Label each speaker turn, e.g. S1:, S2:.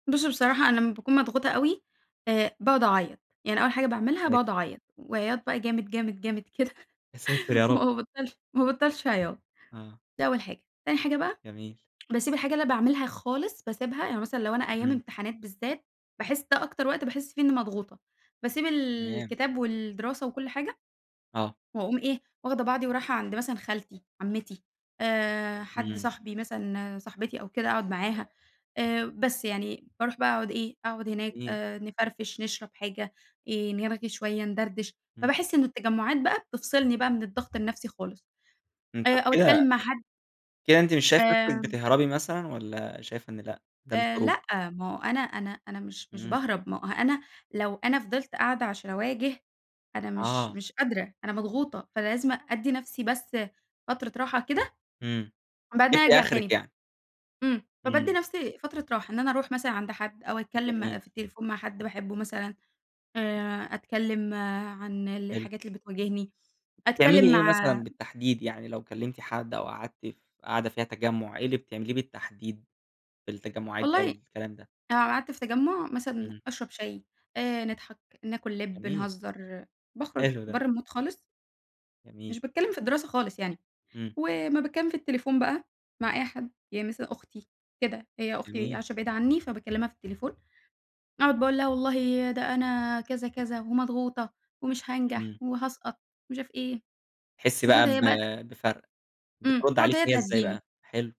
S1: بُص بصراحة أنا لمّا باكون مضغوطة أوي، آآ باقعد اعيّط، يعني أول حاجة
S2: يا
S1: باعملها باقعد
S2: ساتر!
S1: اعيّط، وعياط بقى جامد، جامد، جامد، كده،
S2: يا ساتر يا رب!
S1: وما بابطّلش ما بابطّلش عياط،
S2: آه.
S1: ده أول حاجة، تاني حاجة بقى،
S2: جميل.
S1: باسيب الحاجة اللي أنا باعملها خالص باسيبها، يعني مثلًا لو أنا أيام
S2: إمم.
S1: امتحانات بالذات، باحس ده أكتر وقت باحس فيه إني مضغوطة، باسيب
S2: تمام.
S1: الكتاب والدراسة وكلّ حاجة،
S2: آه.
S1: وأقوم إيه، واخدة بعضي ورايحة عند مثلًا خالتي عمّتي، آآ حد
S2: إمم.
S1: صاحبي مثلًا صاحبتي أو كده أقعد معاها، آآ بس يعني، باروح بقى أقعد إيه، أقعد هناك
S2: [unintelligible]
S1: آآ نفرفش نشرب حاجة، آآ نرغي شوية ندردش،
S2: إمم.
S1: فباحس إنه التجمعات بقى، بتفصلني بقى من الضغط النفْسي خالص،
S2: إمم، طب
S1: آآ أو
S2: كده
S1: أتكلّم مع حد
S2: كده أنتِ مش شايفة نفْسِك
S1: آمم
S2: بتهربي مثلًا، والّا شايفة إن لأ، ده مش
S1: آآ
S2: هروب؟
S1: لأ ما هو أنا أنا أنا مش مش
S2: إمم.
S1: باهرب ما هو أنا لو أنا فضلت قاعدة عشان أواجه أنا مش
S2: آه.
S1: مش قادرة، أنا مضغوطة، فلازم أدّي نفْسي بس فترة راحة كده،
S2: إمم،
S1: وبعدين
S2: جبتِ
S1: أرجع
S2: أخرِك
S1: تاني،
S2: يعني.
S1: إمم، فبادّي
S2: إمم.
S1: نفْسي فترة راحة، إن أنا أروح مثلًا عند حد أو أتكلّم
S2: جميل.
S1: في التليفون مع حد باحبه مثلًا، آآ أتكلّم عن
S2: حلو.
S1: الحاجات اللي بتواجهني،
S2: بتعملي
S1: أتكلّم
S2: إيه
S1: مع
S2: مثلًا بالتحديد، يعني لو كلّمتِ حد، أو قعدتِ ف قاعدة فيها تجمُّع، إيه اللي بتعمليه بالتحديد، في التجمُّعات دي
S1: والله
S2: أو الكلام ده؟
S1: أنا لو قعدت في تجمُّع مثلًا،
S2: إمم.
S1: أشرب شاي آآ نضحك ناكل لِب
S2: جميل.
S1: نهزّر، باخرُج
S2: حلو ده.
S1: برّه المود خالص
S2: جميل.
S1: مش باتكلّم في الدراسة خالص يعني،
S2: إمم.
S1: ولمّا باتكلّم في التليفون بقى مع أي حد، يعني مثلًا أختي كده، هي أختي
S2: جميل.
S1: عايشة بعيد عني فباكلّمها في التليفون، أقعد بقى أقول لها والله ده أنا كذا، كذا، ومضغوطة ومش هانجح،
S2: إمم.
S1: وهاسقط ومش عارف إيه،
S2: بتحسي
S1: بتقعد
S2: بقى ب
S1: هي بقى
S2: بفَرْق،
S1: إمم،
S2: بترد
S1: بتقعد
S2: عليكِ
S1: هي
S2: هي إزاي بقى؟
S1: تهدّيني.
S2: حلو.